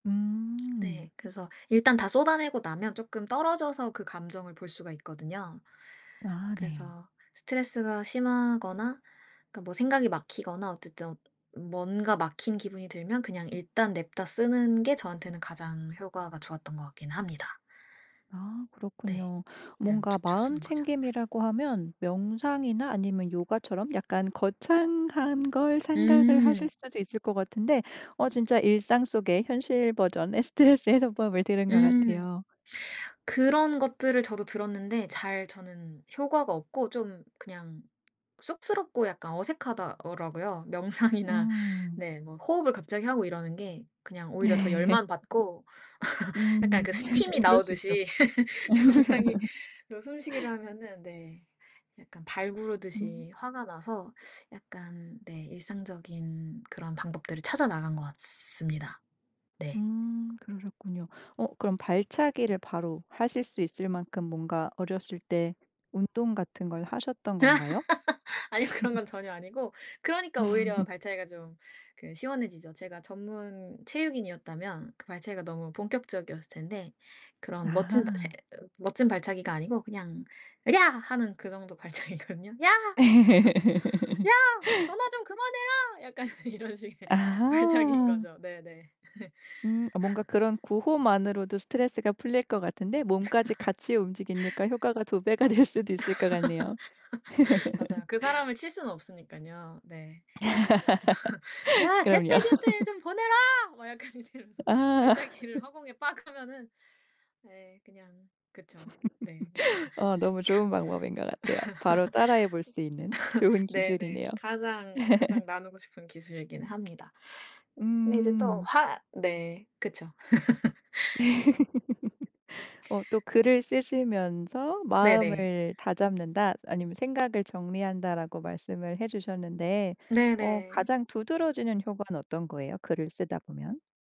네. 음. 그래서 일단 다 쏟아 내고 나면 쪼끔 떨어져서 그 감정을 볼 수가 있거든요. 아 네. 그래서 스트레스가 심하거나 그러니까 뭐 생각이 막히거나 어쨌든 뭔가 막힌 기분이 들면 그냥 일단 냅다 쓰는 게 저한테는 가장 효과가 좋았던 것 같긴 합니다. 아 네. 그렇군요. 그냥 뭔가 죽죽 마음 쓰는 거죠. 챙김이라고 하면 명상이나 아니면 요가처럼 약간 거창한 걸 생각을 하실 음. 수도 있을 것 같은데 어 진짜 일상 속의 현실 버전의 스트레스 해소법을 들은 것 음. 같아요. 그런 것들을 저도 들었는데 잘 저는 효과가 없고 좀 그냥 쑥스럽고 약간 어색하다 어 라고요. 명상이나 음. 네 뭐 호흡을 갑자기 하고 이러는 게 그냥 오히려 더 네. 열만 받고 약간 음. 그 스팀이 그럴 수 있죠. 나오듯이 명상이 그런 숨쉬기를 하면은 네 약간 발 음. 구르듯이 화가 나서 약간 네 일상적인 그런 방법들을 찾아 나간 것 같습니다. 네. 음 그러셨군요. 어 그럼 발차기를 바로 하실 수 있을 만큼 뭔가 어렸을 때 운동 같은 걸 하셨던 건가요? 아니요. 그런 건 전혀 아니고 그러니까 오히려 발차기가 좀 그 시원해지죠. 제가 전문 체육인이었다면 그 발차기가 너무 본격적이었을 텐데 그런 멋진 바 세 아하. 멋진 발차기가 아니고 그냥 "으랴!" 하는 그 정도 발차기거든요. "야! 야! 전화 좀 그만해라!" 약간 이런 식의 발차기인 아하. 거죠. 네네. 음. 어 뭔가 그런 구호만으로도 스트레스가 풀릴 것 같은데 몸까지 같이 움직이니까 효과가 2 배가 될 수도 있을 것 같네요. 맞아요. 그 사람을 칠 수는 없으니깐요. 네. 그래서 "야 그럼요. 제때제때 좀 보내라!" 막 약간 이렇게 이러면서 아. 발차기를 허공에 빡 하면은 예 그냥 그쵸. 네. 어 너무 좋은 방법인 것 같아요. 바로 따라 해 볼 수 있는 좋은 네네. 기술이네요. 가장, 가장 나누고 싶은 기술이긴 합니다. 근데 이제 또 음. 화 네 그쵸. 어 또 글을 쓰시면서 네네. "마음을 다잡는다." 아니면 "생각을 정리한다."라고 말씀을 해 주셨는데 어 네네. 가장 두드러지는 효과는 어떤 거예요, 글을 쓰다 보면?